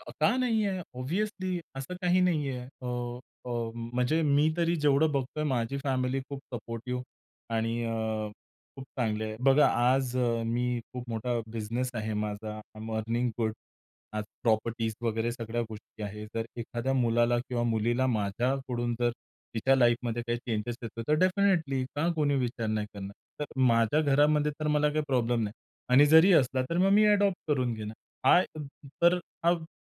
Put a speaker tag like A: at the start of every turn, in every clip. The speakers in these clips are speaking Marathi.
A: अ, का नाहीये? ऑब्व्हियसली असं काही नाही आहे. अ, अ, म्हणजे मी तरी जेवढं बघतोय माझी फॅमिली खूप सपोर्टिव्ह आणि अ, खूप चांगली आहे. बघा, आज मी खूप मोठा बिझनेस आहे माझा. आय ॲम अर्निंग गुड आज प्रॉपर्टीज वगैरे सगळ्या गोष्टी आहेत. जर एखाद्या मुलाला किंवा मुलीला माझ्याकडून जर तिच्या लाईफमध्ये काही चेंजस येतो तर डेफिनेटली का कोणी विचार नाही करणार? तर माझ्या घरामध्ये तर मला काही प्रॉब्लेम नाही आणि जरी असला तर मग मी अडॉप्ट करून घेईन. हा तर हा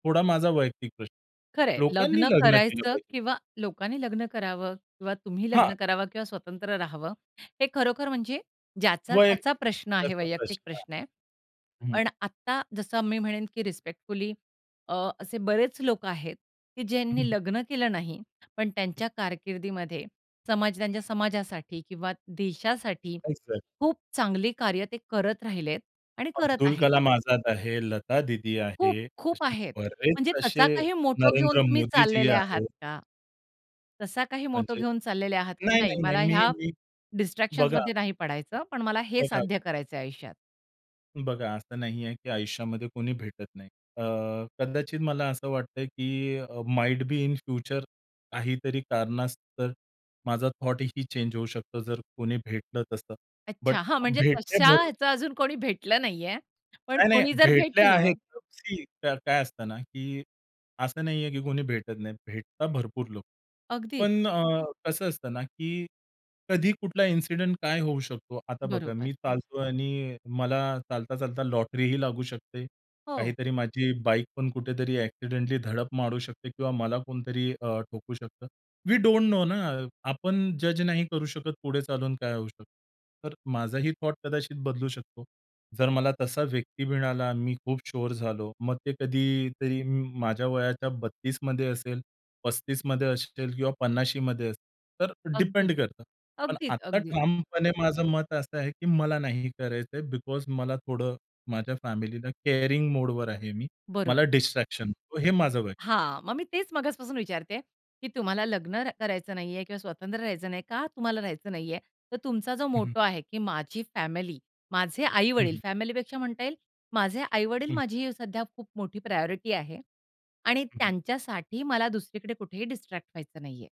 A: थोडा माझा वैयक्तिक प्रश्न
B: खरं आहे.
A: आहे. लोकांनी
B: लग्न
A: लग्न केलं
B: करायचं
A: पाहिजे.
B: किंवा लोकांनी लग्न करावं किंवा तुम्ही
A: हां.
B: लग्न करावं किंवा स्वतंत्र राहावं? हे खरोखर म्हणजे ज्याचा-त्याचा
A: वैयक्तिक
B: प्रश्न आहे
A: त्याचा
B: वैयक्तिक
A: प्रश्न
B: प्रश्न आहे.
A: आहे. हं.
B: पण आत्ता जसं मी म्हणेन की रिस्पेक्टफुली अ, असे बरेच लोक आहेत की
A: हं,
B: ज्यांनी
A: हं.
B: लग्न केलं नाही. पण त्यांच्या कारकिर्दीमध्ये, समजा त्यांच्या समाजासाठी किंवा देशासाठी
A: काहीच नाही.
B: खूप चांगली कार्य ते करत राहिलेत आणि करत
A: अब्दुल
B: आहेत.
A: कलाम आझाद आहे. लतादीदी
B: खूप
A: आहे.
B: खूप
A: असे
B: आहेत.
A: बरेच
B: म्हणजे
A: असे
B: तसा काही मोटो घेऊन
A: नरेंद्र
B: तुम्ही
A: मोदीजी
B: चाललेले आहात
A: आहेत.
B: का? तसा काही मोटो
A: म्हणजे?
B: घेऊन चाललेले आहात? नाही,
A: नाही-नाही-नाही.
B: मला
A: मी
B: ह्या
A: मी बघा
B: डिस्ट्रॅक्शन्समध्ये नाही पडायचं, पण मला हे
A: बघा
B: साध्य करायचंय आयुष्यात.
A: बघा, असं नाहीये की आयुष्यामध्ये कोणी भेटत नाही. अ, कदाचित मला असं वाटतंय की अ, माइट बी इन फ्युचर काहीतरी कारणास्तव माझा थॉट ही चेंज होऊ शकतो जर कोणी भेटलं तसं, बट
B: अच्छा, हां, म्हणजे
A: भेटले
B: तशा
A: तर
B: ह्याचं अजून कोणी भेटलं नाहीये. पण
A: नाही-नाही.
B: कोणी जर
A: भेटल्या
B: भेटलं
A: आहेत. सी काय काय असतं ना, की असं नाहीये की कोणी भेटत नाही. भेटतात भरपूर लोकं.
B: अगदीच.
A: पण अ, कसं असतं ना, की कधी कुठला इंसिडेंट काय होऊ शकतो. आता बघा,
B: बरोबर.
A: मी चालतोय आणि मला चालता-चालता लॉटरी ही लागू शकते.
B: हो.
A: काहीतरी माझी बाईकपण कुठेतरी एक्सिडेंटली धडक मारू शकते किंवा मला कुणीतरी अ, ठोकू शकतं. वी डोंट नो ना. आपण जज नाही करू शकत. पुढे चालून काय होऊ शकतं? तर माझाही थॉट कदाचित बदलू शकतो. जर मला तसा व्यक्ती मिळाला, मी खूप शुअर झालो मग ते कधीतरी म माझ्या वयाच्या 32मध्ये असेल, 35मध्ये असेल किंवा 50मध्ये असेल. तर
B: अगदी.
A: डिपेंड करतं. पण आता
B: अगदीच-अगदीच.
A: ठामपणे माझं मत असं आहे की मला नाही करायचंय बिकॉज मला थोडं माझ्या फॅमिलीला केअरिंग मोडवर आहे मी.
B: बरोबर.
A: मला डिस्ट्रॅक्शन नकोय हे माझं वैय
B: हां, मग मी तेच मगासपासून विचारते, की तुम्हाला लग्न र करायचं नाहीये किंवा स्वतंत्र राहायचं नाहीये. का, तुम्हाला राहायचं नाहीये? तर तुमचा जो
A: हं, हं.
B: मोटो आहे की माझी फॅमिली, माझे
A: हं,
B: आई-वडील,
A: हं.
B: फॅमिलीपेक्षा म्हणता येईल, माझे आई-वडील
A: हं.
B: माझी सध्या खूप मोठी प्रायॉरिटी आहे आणि
A: हं, हं.
B: त्यांच्यासाठी मला दुसरीकडे कुठेही डिस्ट्रॅक्ट व्हायचं नाहीये.